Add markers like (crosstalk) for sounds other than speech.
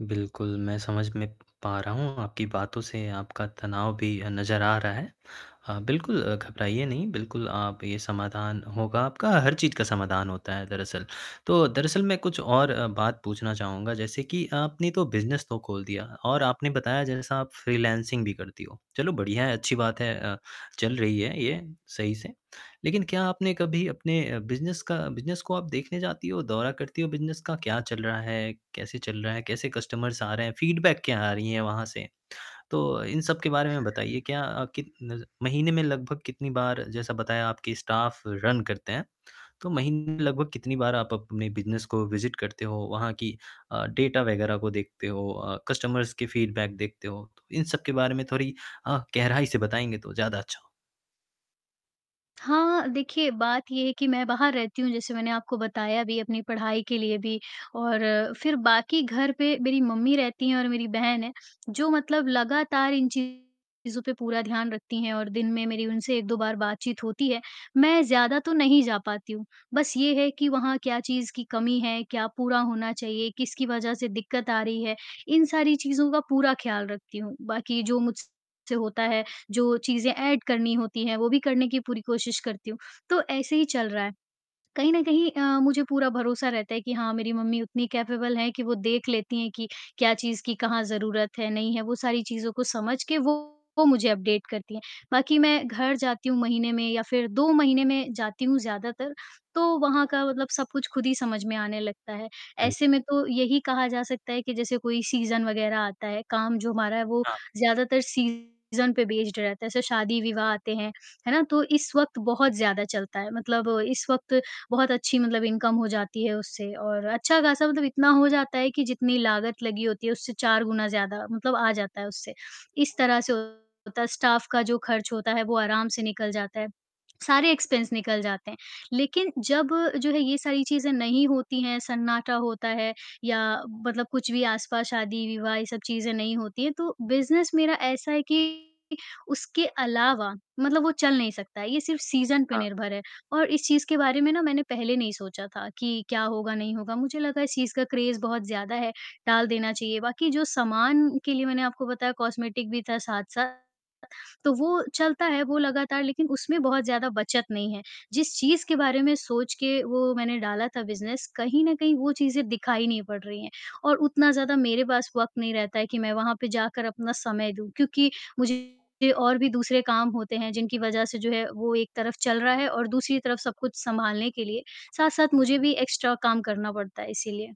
बिल्कुल मैं समझ में पा रहा हूँ, आपकी बातों से आपका तनाव भी अ, नज़र आ रहा है। हाँ, बिल्कुल अ, घबराइए नहीं, बिल्कुल आप ये समाधान होगा आपका, हर चीज़ का समाधान होता है दरअसल। तो दरअसल मैं कुछ और अ, बात पूछना चाहूँगा जैसे कि आपने तो बिज़नेस तो खोल दिया और आपने बताया जैसा आप फ्रीलानसिंग भी करती हो। चलो बढ़िया है, अच्छी बात है अ, चल रही है ये सही से, लेकिन क्या आपने कभी अपने अ, बिज़नेस का बिज़नेस को आप देखने जाती हो, दौरा करती हो बिज़नेस का, क्या चल रहा है, कैसे चल रहा है, कैसे कस्टमर्स आ रहे हैं, फ़ीडबैक क्या आ रही है वहाँ से? (smacks lips) तो इन सबके बारे में बताइए क्या अ, कित नज़ महीने में लगभग कितनी बार, जैसा बताया आपके स्टाफ रन करते हैं, तो महीने में लगभग कितनी बार आप अपने बिज़नेस को विज़िट करते हो, वहाँ की अ, डेटा वग़ैरह को देखते हो, अ, कस्टमर्स की फ़ीडबैक देखते हो? इन सबके बारे में थोड़ी अ, गहराई से बताएंँगे तो ज़्यादा अच्छा हो हाँ, देखिए बात ये है कि मैं बाहर रहती हूँ, जैसे मैंने आपको बताया भी अपनी पढ़ाई के लिए भी और फिर बाकी घर पे मेरी मम्मी रहती हैं और मेरी बहन है जो मतलब लगातार इन चीज़ों पर पूरा ध्यान रखती हैं और दिन में मेरी उनसे 1-2 बार बातचीत होती है, मैं ज़्यादा तो नहीं जा पाती हूँ, बस ये है कि वहाँ क्या चीज़ की कमी है, क्या पूरा होना चाहिए, किसकी वज़ह से दिक्कत आ रही है, इन सारी चीज़ों का पूरा ख्याल रखती हूँ, बाकी जो मुझसे होता है, जो चीजें एड करनी होती हैं, वो भी करने की पूरी कोशिश करती हूँ, तो ऐसे ही चल रहा है। कहीं न कहीं अ, मुझे पूरा भरोसा रहता है कि हाँ, मेरी मम्मी उतनी कैपेबल हैं कि वो देख लेती हैं कि क्या चीज़ की कहाँ ज़रूरत है, नहीं है, वो सारी चीज़ों को समझ के वो मुझे अपडेट करती हैं, बाकी मैं घर जाती हूँ महीने में या फिर 2 महीने में जाती हूँ ज्यादातर, तो वहाँ का मतलब सब कुछ खुद ही समझ में आने लगता है, ऐसे में तो यही कहा जा सकता है कि जैसे कोई सीज़न वग़ैरह आता है, काम जो हमारा है वो हाँ। ज़्यादातर सीज़न पे बेस्ड रहता है, जैसे शादी-विवाह आते हैं, है ना? तो इस वक़्त बहुत ज़्यादा चलता है, मतलब इस वक़्त बहुत अच्छी मतलब इनकम हो जाती है उससे और अच्छा खासा मतलब इतना हो जाता है कि जितनी लागत लगी होती है उससे 4 गुना ज़्यादा मतलब आ जाता है उससे, इस तरह से होता है। स्टाफ का जो खर्च होता है वो आराम से निकल जाता है, (smacks lips) सारे इक्स्पेन्स निकल जाते हैं, लेकिन जब जो है ये सारी चीजें नहीं होती हैं, सन्नाटा होता है या मतलब कुछ भी आसपास शादी-विवाह ये सब चीजें नहीं होती हैं, तो बिज़नेस मेरा ऐसा है कि उसके अलावा मतलब वो चल नहीं सकता है, ये सिर्फ़ सीज़न पे हाँ। निर्भर है और इस चीज़ के बारे में ना मैंने पहले नहीं सोचा था कि क्या होगा, नहीं होगा, मुझे लगा इस चीज़ का क्रेज़ बहुत ज़्यादा है, टाल देना चाहिए, बाकी जो सामान के लिए मैंने आपको बताया कॉस्मेटिक भी था साथ-साथ, तो वो हाँ। चलता है वो लगातार लेकिन उसमें बहुत ज़्यादा बचत नहीं है, जिस चीज़ के बारे में सोच के वो मैंने डाला था बिज़नेस, कहीं न कहीं वो चीज़ें दिखाई नहीं पड़ रही हैं और उतना ज़्यादा मेरे पास वक़्त नहीं रहता है कि मैं वहाँ पे जाकर अपना समय दूँ क्योंकि मुझे और भी दूसरे काम होते हैं जिनकी वज़ह से जो है वो एक तरफ चल रहा है और दूसरी तरफ सब कुछ सँभालने के लिए साथ-साथ मुझे भी एक्स्ट्रा काम करना पड़ता है इसीलिए।